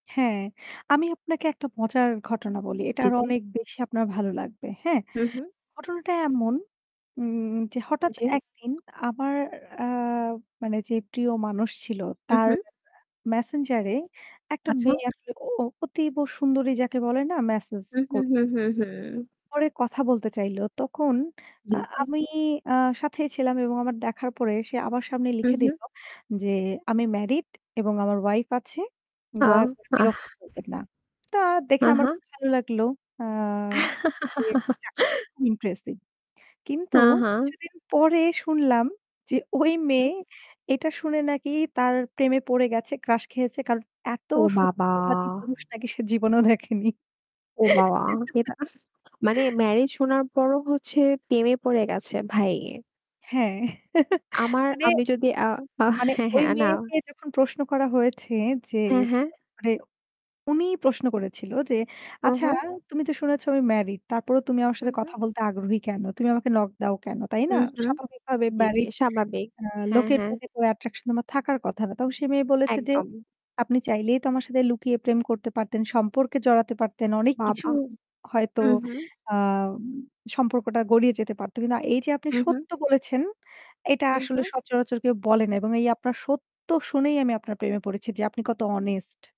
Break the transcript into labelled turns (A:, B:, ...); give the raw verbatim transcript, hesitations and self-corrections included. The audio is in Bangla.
A: হ্যাঁ, আমি আপনাকে একটা মজার ঘটনা বলি। এটা
B: জি,
A: আরো
B: জি।
A: অনেক বেশি আপনার ভালো লাগবে, হ্যাঁ?
B: হু, হু।
A: ঘটনাটা এমন যে উম হঠাৎ
B: জি।।
A: একদিন আমার অ্যা মানে যে প্রিয় মানুষ ছিল,
B: হু,
A: তার
B: হু।
A: অ্যা মেসেঞ্জারে একটা
B: আচ্ছা।
A: মেয়ে আসলে অ অতীব সুন্দরী যাকে বলে না? মেসেজ
B: হু, হু,
A: কর
B: হু, হু, হু।
A: করে কথা বলতে চাইল। তখন
B: জি,
A: আ
B: জি।
A: আমি অ্যা সাথেই ছিলাম এবং আমার দেখার পরে সে আমার সামনে
B: হু,
A: লিখে
B: হু।
A: দিল যে "আমি ম্যারিড এবং আমার ওয়াইফ আছে।
B: আ
A: দয়া করে বিরক্ত
B: আহ।
A: করবেন না।" তা দেখে আমার
B: আহা।
A: খুব ভালো লাগলো। [unintelligible] আ খুব ইন্টারেস্টিং। কিন্তু
B: হ্যাঁ, হ্যাঁ।
A: কিছুদিন পরে শুনলাম যে ওই মেয়ে
B: উম
A: এটা শুনে নাকি তার প্রেমে পড়ে গেছে। ক্রাশ খেয়েছে। কারণ এত
B: ও বাবা!
A: সত্যবাদী পুরুষ নাকি সে জীবনেও দেখেনি।
B: ও বাবা! এটা মানে ম্যারি শোনার পরও হচ্ছে পেমে পড়ে গেছে ভাই।
A: হ্যাঁ
B: আমার
A: মানে
B: আমি যদি আ
A: মানে
B: হ্যাঁ,
A: ওই
B: হ্যাঁ, না।
A: মেয়েকে যখন প্রশ্ন করা হয়েছে যে
B: হ্যাঁ, হ্যাঁ।
A: এনে উনি প্রশ্ন করেছিল যে
B: হু,
A: "আচ্ছা
B: হু।
A: তুমি তো শুনেছো আমি ম্যারিড। তারপরেও তুমি আমার
B: হু,
A: সাথে
B: হু।
A: কথা বলতে আগ্রহী কেন? তুমি আমাকে নক দাও কেন? তাই
B: হু,
A: না?
B: হু।
A: স্বাভাবিকভাবে
B: জি, জি,
A: ম্যারিড
B: সাবাবিক,
A: অ্যা
B: হ্যাঁ,
A: লোকের
B: হ্যাঁ।
A: প্রতি তো attraction তোমার থাকার কথা না।" তখন সে মেয়ে বলেছে যে
B: একদম।
A: "আপনি চাইলেই তো আমার সাথে লুকিয়ে প্রেম করতে পারতেন, সম্পর্কে জড়াতে পারতেন। অনেক কিছু
B: বাবা।
A: হয়তো
B: হুম, হুম।
A: আম সম্পর্কটা গড়িয়ে যেতে পারতো। কিন্তু এই যে আপনি
B: হু, হু।
A: সত্য বলেছেন, এটা
B: হু,
A: আসলে
B: হু।
A: সচরাচর কেউ বলে না। এবং এই আপনার সত্য শুনেই আমি আপনার প্রেমে পড়েছি যে আপনি কত honest।"